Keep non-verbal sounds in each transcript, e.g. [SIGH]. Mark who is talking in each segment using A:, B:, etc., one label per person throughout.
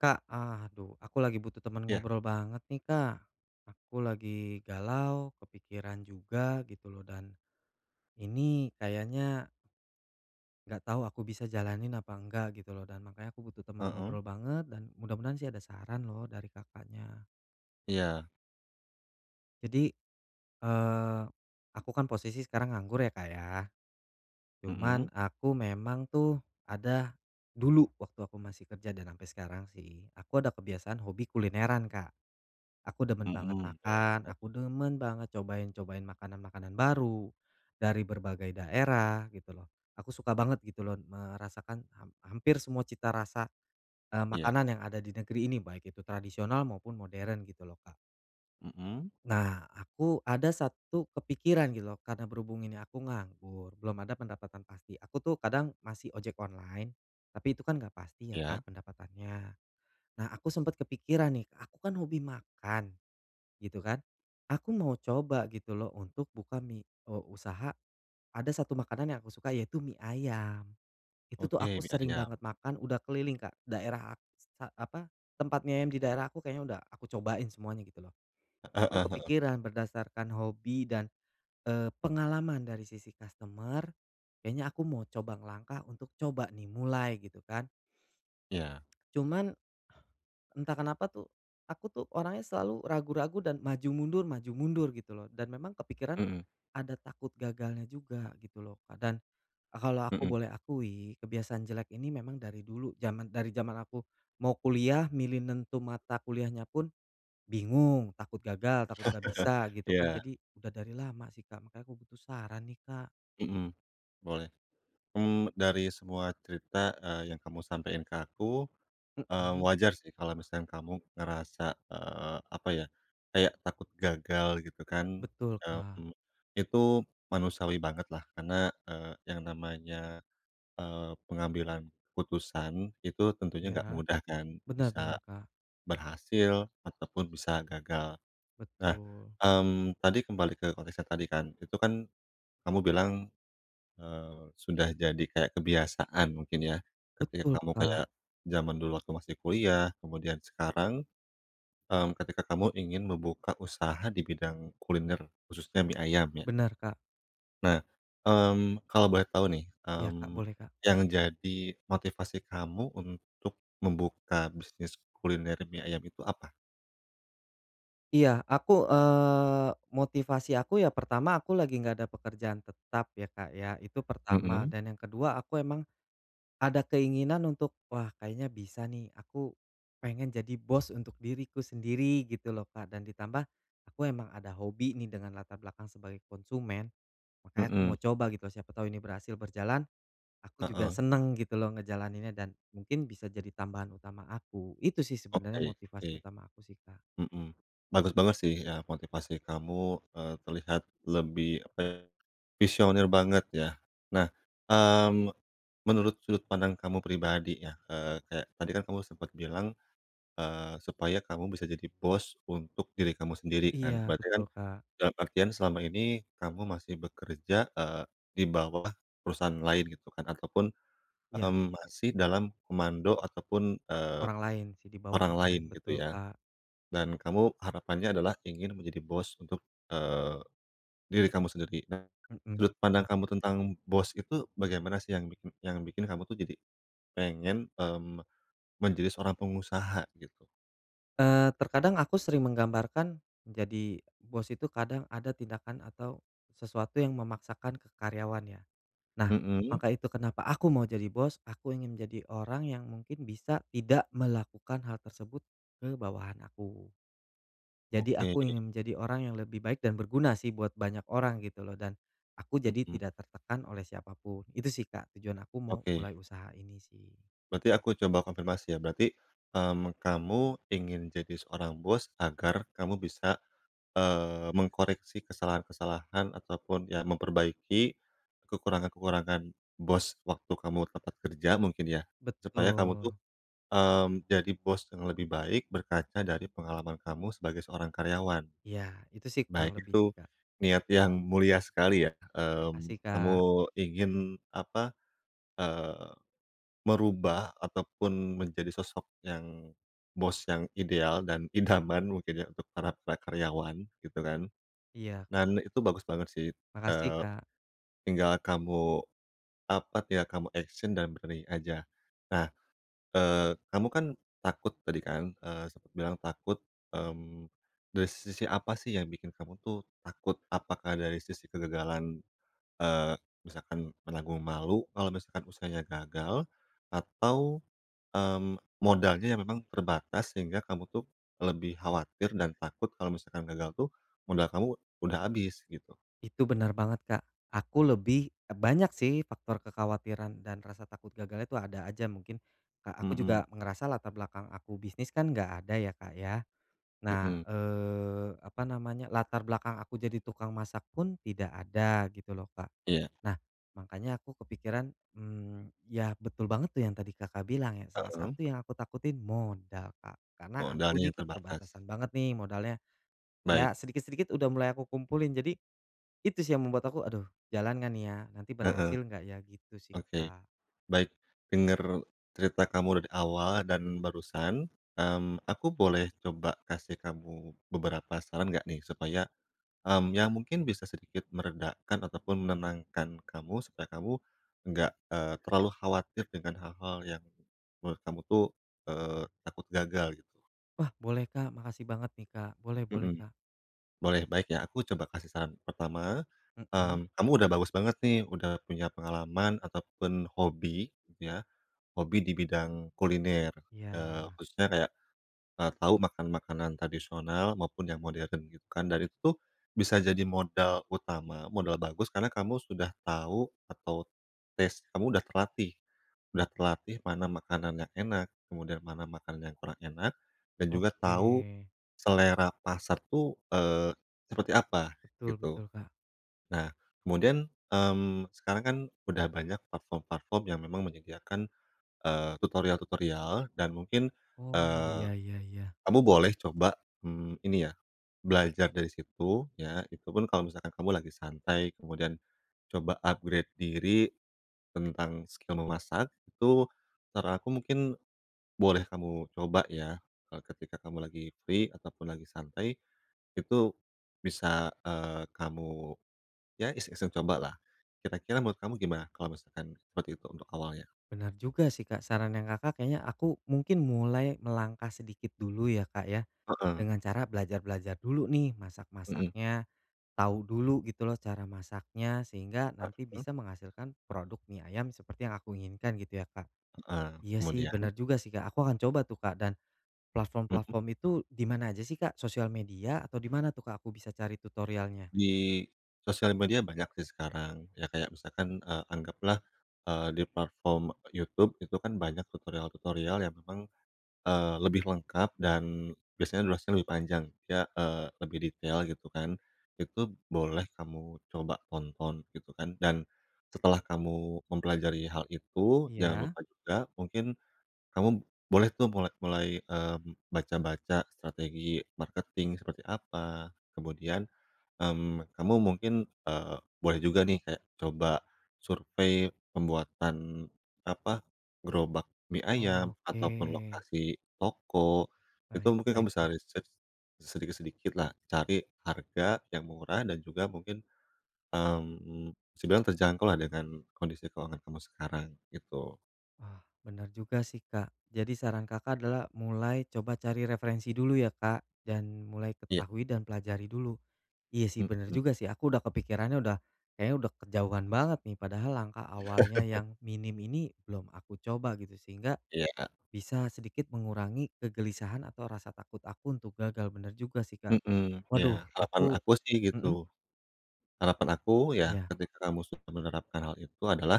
A: Kak, aduh, aku lagi butuh teman
B: Iya.
A: ngobrol banget nih, Kak. Aku lagi galau, kepikiran juga gitu loh, dan, ini kayaknya nggak tahu aku bisa jalanin apa nggak gitu loh, dan makanya aku butuh teman
B: Mhm?
A: ngobrol banget, dan mudah-mudahan sih ada saran loh dari Kakaknya.
B: Iya.
A: Jadi, eee, aku kan posisi sekarang nganggur ya, Kak, ya. Cuma
B: Mhm?
A: aku memang tuh ada, dulu waktu aku masih kerja dan sampai sekarang sih, aku ada kebiasaan hobi kulineran, Kak. Aku demen banget
B: Mhm, boleh.
A: makan,
B: Oke.
A: aku demen banget cobain-cobain makanan-makanan baru, dari berbagai daerah, gitu loh. Aku suka banget gitu loh merasakan ham hampir semua cita rasa, e
B: Iya.
A: makanan yang ada di negeri ini baik itu tradisional maupun modern gitu loh, Kak.
B: Mhm?
A: Nah, aku ada satu kepikiran gitu loh, karena berhubung ini aku nganggur, belum ada pendapatan pasti, aku tuh kadang masih ojek online, tapi itu kan nggak pasti ya,
B: Iya?
A: Kak, pendapatannya. Nah, aku sempat kepikiran nih, aku kan hobi makan gitu kan, aku mau coba gitu loh untuk buka mi o usaha, ada 1 makanan yang aku suka yaitu mi ayam. Itu tuh aku
B: Oke, mi
A: sering
B: ayam.
A: banget makan, udah keliling Kak, daerah a s e apa, tempat mi ayam di daerah aku kayaknya udah aku cobain semuanya gitu loh. Nah,
B: Heeh
A: aku
B: heeh.
A: kepikiran berdasarkan hobi dan, eee, pengalaman dari sisi customer, kayaknya aku mau coba ngelangkah untuk coba nih, mulai, gitu kan.
B: Iya.
A: [CLICKS TONGUE] Cuma, entah kenapa tuh, aku tuh orangnya selalu ragu-ragu dan maju mundur maju mundur gitu loh, dan memang kepikiran
B: Mhm.
A: ada takut gagalnya juga gitu loh, Kak. Dan a kalau aku
B: Mhm.
A: boleh akui, kebiasaan jelek ini memang dari dulu zaman dari zaman aku mau kuliah, milih nentu mata kuliahnya pun, bingung, takut gagal, takut nggak
B: [CHUCKLES]
A: bisa, gitu kan.
B: Iya.
A: Jadi, udah dari lama sih Kak, makanya aku butuh saran nih, Kak.
B: Mhm, boleh. Mmm, dari semua cerita, eee, yang kamu sampein ke aku, eee,
A: Mhm.
B: wajar sih kalau misalkan kamu ngerasa, eee, apa ya, kayak takut gagal gitu kan,
A: Betul Kak.
B: mmm, itu manusiawi banget lah karena, eee, yang namanya, eee, pengambilan keputusan, itu tentunya enggak
A: Iya.
B: mudah kan,
A: Benar
B: bisa
A: benar Kak.
B: berhasil ataupun bisa gagal. Nah,
A: Betul.
B: mmm, tadi kembali ke konteksnya tadi kan, itu kan, kamu bilang, eee, sudah jadi kayak kebiasaan mungkin ya. Ketika
A: Betul
B: kamu
A: Kak.
B: kayak jaman dulu waktu masih kuliah, kemudian sekarang, mmm, ketika kamu ingin membuka usaha di bidang kuliner, khususnya mie ayam ya.
A: Benar Kak.
B: Nah, mmm, kalau boleh tahu nih,
A: Iya Kak,
B: mmm,
A: boleh Kak.
B: yang jadi motivasi kamu untuk membuka bisnis kuliner mie ayam itu apa?
A: Iya, aku, eee, motivasi aku ya pertama, aku lagi enggak ada pekerjaan tetap ya Kak ya, itu pertama.
B: Hmm.
A: Dan yang kedua, aku emang, ada keinginan untuk, wah kayaknya bisa nih, aku, pengen jadi bos untuk diriku sendiri, gitu loh Kak. Dan ditambah, aku emang ada hobi nih dengan latar belakang sebagai konsumen. Makanya aku
B: Hmm.
A: mau coba gitu, siapa tahu ini berhasil berjalan, aku juga
B: Heeh.
A: senang gitu loh ngejalaninnya, dan mungkin bisa jadi tambahan utama aku. Itu sih sebenarnya
B: Oke oke.
A: motivasi utama aku sih Kak.
B: Mhm. Bagus banget sih ya, motivasi kamu, eee, lebih terlihat apa ya, visioner banget ya. Nah, mmm, menurut sudut pandang kamu pribadi ya, eee, kayak tadi kan kamu sempet bilang, eee, supaya kamu bisa jadi bos untuk diri kamu sendiri
A: Iya,
B: kan? Berarti kan,
A: betul Kak.
B: dalam artian selama ini kamu masih bekerja, eee, di bawah perusahaan lain, gitu kan, ataupun,
A: Iya.
B: mmm, masih dalam komando ataupun, eee,
A: Orang lain sih, dibawah
B: orang
A: orang
B: lain
A: lain.
B: gitu
A: Betul
B: ya.
A: Kak.
B: Dan kamu harapannya adalah ingin menjadi bos untuk, eee, diri kamu sendiri. Nah, sudut
A: Mhm,
B: pandang
A: heeh.
B: kamu tentang bos itu bagaimana sih yang yang bikin kamu tuh jadi pengen, mmm, menjadi seorang pengusaha, gitu?
A: Eee, terkadang aku sering menggambarkan, jadi bos itu kadang ada tindakan atau sesuatu yang memaksakan ke karyawannya. Nah,
B: Mhm.
A: maka itu kenapa aku mau jadi bos, aku ingin menjadi orang yang mungkin bisa tidak melakukan hal tersebut ke bawahan aku. Jadi
B: Oke.
A: aku ingin menjadi orang yang lebih baik dan berguna sih buat banyak orang gitu loh, dan aku jadi
B: Mhm.
A: tidak tertekan oleh siapa pun. Itu sih, Kak, tujuan aku mau
B: Oke.
A: mulai usaha ini sih.
B: Berarti aku coba konfirmasi ya. Berarti, mmm, kamu ingin jadi seorang bos agar kamu bisa, eee, mengkoreksi kesalahan-kesalahan ataupun ya memperbaiki kekurangan-kekurangan bos waktu kamu tempat kerja mungkin ya, supaya kamu tuh,
A: Betul.
B: mmm, jadi bos yang lebih baik berkaca dari pengalaman kamu sebagai seorang karyawan.
A: Iya, itu sih kurang
B: Baik,
A: lebih sih,
B: itu
A: Kak.
B: niat yang mulia sekali ya, mmm,
A: Makasih,
B: kamu
A: Kak.
B: ingin apa, eee, merubah ataupun menjadi sosok yang bos yang ideal dan idaman mungkin ya untuk para-para karyawan gitu kan.
A: Iya, Kak.
B: Dan itu bagus banget sih,
A: Makasih,
B: eee,
A: Kak.
B: tinggal kamu apa, tinggal kamu action dan berani aja. Nah, eee, kamu kan takut tadi kan, eee, sempet bilang takut. Mmm, dari sisi apa sih yang bikin kamu tuh takut? Apakah dari sisi kegagalan, eee, misalkan menanggung malu kalau misalkan usahanya gagal atau, mmm, modalnya yang memang terbatas sehingga kamu tuh lebih khawatir dan takut kalau misalkan gagal tuh modal kamu udah habis gitu.
A: Itu bener banget, Kak. Aku lebih, e banyak sih faktor kekhawatiran dan rasa takut gagalnya itu ada aja mungkin, Kak. Aku
B: Mhm.
A: juga ngerasa latar belakang aku bisnis kan enggak ada ya, Kak, ya. Nah,
B: Mhm.
A: eee, apa namanya, latar belakang aku jadi tukang masak pun tidak ada gitu loh, Kak.
B: Iya.
A: Nah, makanya aku kepikiran mmm, ya betul banget tuh yang tadi Kakak bilang ya salah
B: Heeh.
A: satu yang aku takutin modal, Kak.
B: Oh,
A: Karena aku ini
B: dananya terbatas.
A: keterbatasan banget nih modalnya ya,
B: Baik.
A: sedikit-sedikit udah mulai aku kumpulin. Jadi itu sih yang membuat aku, "Aduh, jalan nggak nih ya? Nanti
B: Heeh.
A: berhasil enggak ya?" Gitu sih,
B: Oke,
A: Kak.
B: baik. Dengar cerita kamu dari awal dan barusan, mmm, aku boleh coba kasih kamu beberapa saran enggak nih supaya, mmm, ya mungkin bisa sedikit meredakan ataupun menenangkan kamu supaya kamu enggak, eee, terlalu khawatir dengan hal-hal yang menurut kamu tuh, eee, takut gagal gitu?
A: Wah boleh, Kak. Makasih banget nih, Kak. Boleh boleh,
B: Mhm.
A: Kak.
B: Boleh, baik ya aku coba kasih saran, pertama,
A: Mhm.
B: mmm, kamu udah bagus banget nih udah punya pengalaman ataupun hobi ya, hobi di bidang kuliner, eee,
A: Iya.
B: khususnya kayak, eee, tahu makan-makanan tradisional maupun yang modern gitu kan. Dan itu tuh bisa jadi modal utama, modal bagus, karena kamu sudah tahu, atau taste kamu udah terlatih. Udah terlatih mana makanan yang enak, kemudian mana makanan yang kurang enak, dan juga tahu
A: Oke.
B: selera pasar tuh, eee, seperti apa,
A: Betul
B: gitu.
A: betul, Kak.
B: Nah, kemudian, mmm, sekarang kan udah banyak platform-platform yang memang menyediakan, eee, tutorial-tutorial dan mungkin,
A: Oh.
B: eee,
A: Iya iya iya.
B: kamu boleh coba, mmm, ini ya, belajar dari situ, ya, itupun kalau misalkan kamu lagi santai, kemudian coba upgrade diri tentang skill memasak, itu saran aku mungkin boleh kamu coba ya, e ketika kamu lagi free, ataupun lagi santai, itu bisa, eee, kamu ya iseng-iseng cobalah. Kira-kira menurut kamu gimana kalau misalkan seperti itu untuk awalnya?
A: Benar juga sih, Kak. Sarannya Kakak kayaknya aku mungkin mulai melangkah sedikit dulu ya, Kak, ya,
B: Heeh.
A: dengan cara belajar-belajar dulu nih
B: Mhm.
A: masak-masaknya, tahu dulu gitu loh cara masaknya, sehingga
B: Ah
A: nanti
B: hah.
A: bisa menghasilkan produk mie ayam seperti yang aku inginkan gitu ya, Kak?
B: Heeh,
A: Iya sih
B: kemudian
A: bener juga sih, Kak. Aku akan coba tuh, Kak, dan
B: Mhm.
A: platform-platform itu di mana aja sih, Kak? Sosial media atau di mana tuh, Kak, aku bisa cari tutorialnya?
B: Di sosial media banyak sih sekarang, ya kayak misalkan, eee, anggaplah, eee, di platform YouTube itu kan banyak tutorial-tutorial yang memang, eee, lebih lengkap dan biasanya durasinya lebih panjang ya, eee, lebih detail gitu kan, itu boleh kamu coba tonton gitu kan. Dan setelah kamu mempelajari hal itu, jangan
A: Iya?
B: lupa juga mungkin kamu boleh tuh mulai mulai, mmm, baca-baca strategi marketing seperti apa, kemudian, mmm, kamu mungkin, eee, boleh juga nih kayak coba survei pembuatan, apa, gerobak mie ayam,
A: Oke.
B: ataupun lokasi toko, itu
A: Baik
B: mungkin kamu
A: baik,
B: bisa
A: Kak.
B: research sedikit-sedikitlah, cari harga yang murah dan juga mungkin, mmm, bisa dibilang terjangkau lah dengan kondisi keuangan kamu sekarang, gitu.
A: Ah, bener juga sih, Kak. Jadi, saran Kakak adalah mulai coba cari referensi dulu, ya, Kak? Dan mulai
B: Iya.
A: ketahui, dan pelajari dulu. Iya, sih, bener
B: Mhm.
A: juga sih. Aku udah kepikirannya udah kayaknya udah kejauhan banget nih. Padahal langkah awalnya
B: [LAUGHS]
A: yang minim ini belum aku coba, gitu. Sehingga,
B: Iya, Kak.
A: bisa sedikit mengurangi kegelisahan, atau rasa takut aku untuk gagal. Bener juga sih, Kak.
B: Mhm.
A: Waduh,
B: Iya, harapan
A: aku
B: aku sih,
A: mhm?
B: gitu. Harapan aku, ya,
A: Iya.
B: ketika kamu sudah menerapkan hal itu adalah,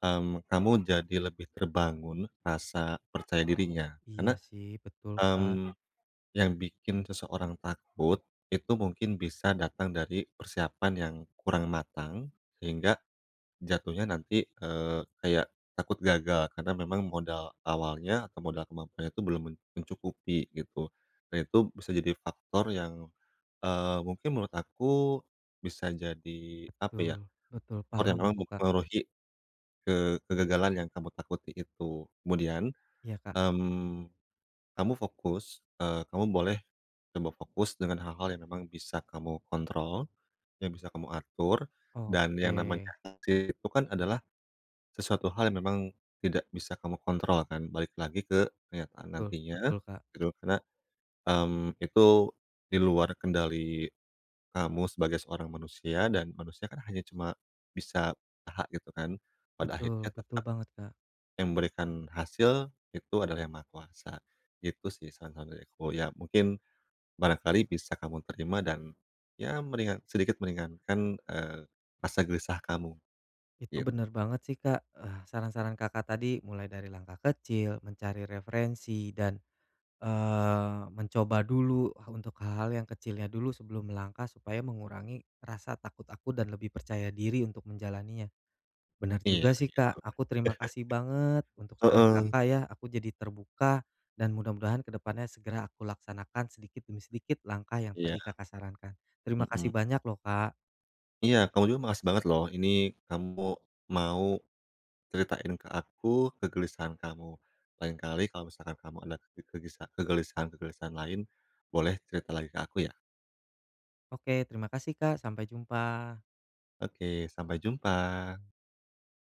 B: mmm, kamu jadi lebih terbangun rasa percaya dirinya.
A: Iya,
B: Karena,
A: sih, betul, Kak.
B: mmm, yang bikin seseorang takut itu mungkin bisa datang dari persiapan yang kurang matang, sehingga jatuhnya nanti, eee, kayak takut gagal. Karena memang modal awalnya, atau modal kemampuannya itu belum men mencukupi, gitu. Nah itu bisa jadi faktor yang, eee, mungkin menurut aku bisa jadi, apa ya,
A: Betul betul, paham
B: orang-orang yang
A: aku, Kak.
B: mempengaruhi ke kegagalan yang kamu takuti itu. Kemudian,
A: Iya, Kak.
B: mmm, kamu fokus eee, kamu boleh coba fokus dengan hal-hal yang memang bisa kamu kontrol, yang bisa kamu atur. Dan yang namanya
A: Oke.
B: hasil itu kan adalah sesuatu hal yang memang tidak bisa kamu kontrol, kan? Balik lagi ke kenyataan
A: Betul
B: nantinya,
A: betul, Kak.
B: gitu. Karena, mmm, itu di luar kendali kamu sebagai seorang manusia, dan manusia kan hanya cuma bisa aha gitu, kan? Pada akhirnya
A: Betul, betul
B: tetap
A: banget, Kak.
B: yang memberikan hasil itu adalah Yang Maha Kuasa. Gitu sih, saran-saran dari aku. Ya, mungkin barangkali bisa kamu terima, dan, ya, meringan sedikit meringankan, eee, rasa gelisah kamu,
A: Itu
B: gitu.
A: bener banget sih, Kak, eh, saran-saran Kakak tadi, mulai dari langkah kecil, mencari referensi, dan, eee, mencoba dulu ha untuk hal-hal yang kecilnya dulu sebelum melangkah, supaya mengurangi rasa takut aku dan lebih percaya diri untuk menjalaninya. Bener
B: Iya,
A: juga sih,
B: begitu.
A: Kak.
B: [CHUCKLES]
A: Aku terima kasih banget untuk saran
B: Heeh.
A: Kakak ya, aku jadi terbuka. Dan mudah-mudahan ke depannya segera aku laksanakan sedikit demi sedikit langkah yang tadi
B: Iya.
A: Kakak sarankan. Terima kasih
B: Mhm.
A: banyak loh, Kak.
B: Iya, kamu juga makasih banget loh. Ini kamu mau ceritain ke aku, kegelisahan kamu. Lain kali kalau misalkan kamu ada ke kegisa kegelisahan-kegelisahan lain, boleh cerita lagi ke aku, ya.
A: Oke. Terima kasih, Kak. Sampai jumpa!
B: Oke. Sampai jumpa.